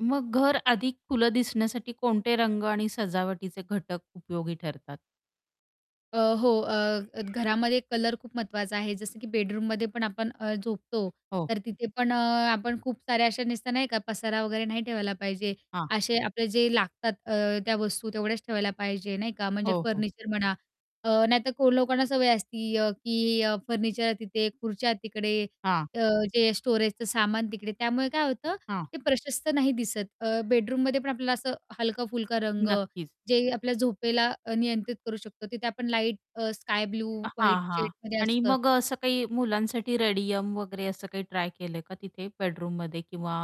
मग घर अधिक खुलं दिसण्यासाठी कोणते रंग आणि सजावटीचे घटक उपयोगी ठरतात? अ, हो. अ, अ, घरामध्ये कलर खूप महत्त्वाचा आहे, जसं की बेडरूममध्ये पण आपण अ, झोपतो, हो. तर तिथे पण अ, आपण खूप साऱ्या अशा नुसतं नाही का पसारा वगैरे नाही ठेवायला पाहिजे. हां. असे आपले जे लागतात अ, त्या वस्तू तेवढ्याच ठेवायला पाहिजे नाही का, म्हणजे हो, हो. फर्निचर म्हणा अ, नाहीतर कोण लोकांना सवय असती, अ, की अ, फर्निचर तिथे, खुर्च्या तिकडे, हां. अ, जे स्टोरेजचं सामान तिकडे, त्यामुळे काय होतं हां. ते प्रशस्त नाही दिसत. अ, बेडरूममध्ये पण आपल्याला असं हलका-फुलका रंग नक्कीच. जे आपल्या झोपला अ, नियंत्रित करू शकतो, तिथे आपण लाईट अ, स्काय ब्लू हां, व्हाईट हां. शेडमध्ये आणि असतं. मग अ, असं काही मुलांसाठी रेडियम वगैरे असं काही ट्राय केलंय का तिथे बेडरूममध्ये किंवा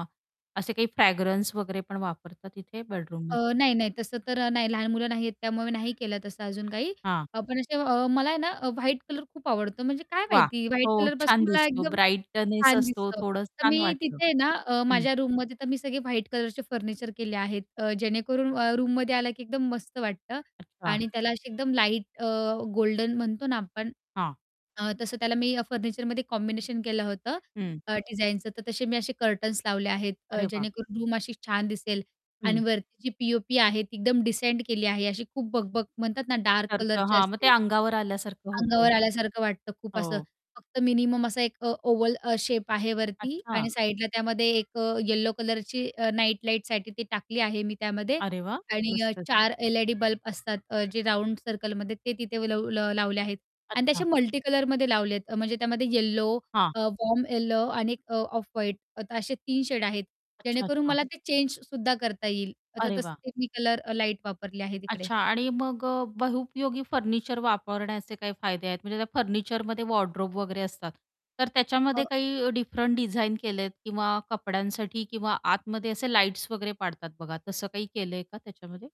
असे काही फ्रॅग्रन्स वगैरे पण वापरतात तिथे अ, बेडरूममध्ये? नाही, नाही तसं तर अ, नाही लहान मुलं नाही आहेत, त्यामुळे नाही केलं तसं अजून काही. हां. अ, पण असे अ, मला आहे ना अ, व्हाईट कलर खूप आवडतो म्हणजे काय वाह! माहिती व्हाईट हो. कलरपासून छान मला दिसतो एकदम ब्राइटनेस छान असतो दिसतं, थोडंच तर छान मी वाटतं. तिथे आहे ना, अ, हं. माझ्या रूममध्ये तर मी सगळे व्हाईट कलरचे फर्निचर केले आहेत, अ, जेणेकरून अ, रूममध्ये आला की एकदम मस्त वाटतं अच्छा. आणि त्याला अशी एकदम लाईट अ, गोल्डन म्हणतो ना आपण हां. अ, तसं त्याला मी अ, फर्निचरमध्ये कॉम्बिनेशन केलं होतं हं. अ, डिझाइनचं, तर तसे मी असे कर्टन्स लावले आहेत, अ, अरे वाह! जेणेकरून रूम अशी छान दिसेल आणि हं. वरती जी पी-ओ-पी आहे, ती एकदम डिसेंट केली आहे. अशी खूप बकबक म्हणतात ना, डार्क सारखं कलरचे हां. मग ते असते अंगावर आल्यासारखं होतं. अंगावर आल्यासारखं वाटतं खूप असं, हो. फक्त मिनिमम असा एक अ, ओवल अ, शेप आहे वरती अच्छा. आणि साईडला त्यामध्ये एक अ, येलो कलरची अ, नाईट लाईटसाठी ती टाकली आहे मी त्यामध्ये अरे वाह आणि अ, मस्तच! 4 एल-ई-डी बल्ब असतात, अ, जे राउंड सर्कलमध्ये ते तिथे लव लावले आहेत आणि ते अच्छा. असे मल्टीकलरमध्ये लावलेत. अ, म्हणजे त्यामध्ये येलो, हां. अ, वॉर्म येलो आणि 1 अ, ऑफ व्हाईट असे 3 शेड आहेत, अच्छा, जेणेकरून अच्छा. मला ते चेंजसुद्धा करता येईल. आता अरे वाह! तसं मी कलर अ, लाईट वापरले आहे तिकडे. अच्छा. आणि मग अ, बहुउपयोगी फर्निचर वापरण्याचे काही फायदे आहेत, म्हणजे त्या फर्निचरमध्ये वॉर्डरोब वगैरे असतात, तर त्याच्यामध्ये हो. काही डिफरंट डिझाइन केलेत किंवा कपड्यांसाठी किंवा आतमध्ये असे लाईट्स वगैरे पाडतात बघा, तसं काही केलंय का त्याच्यामध्ये?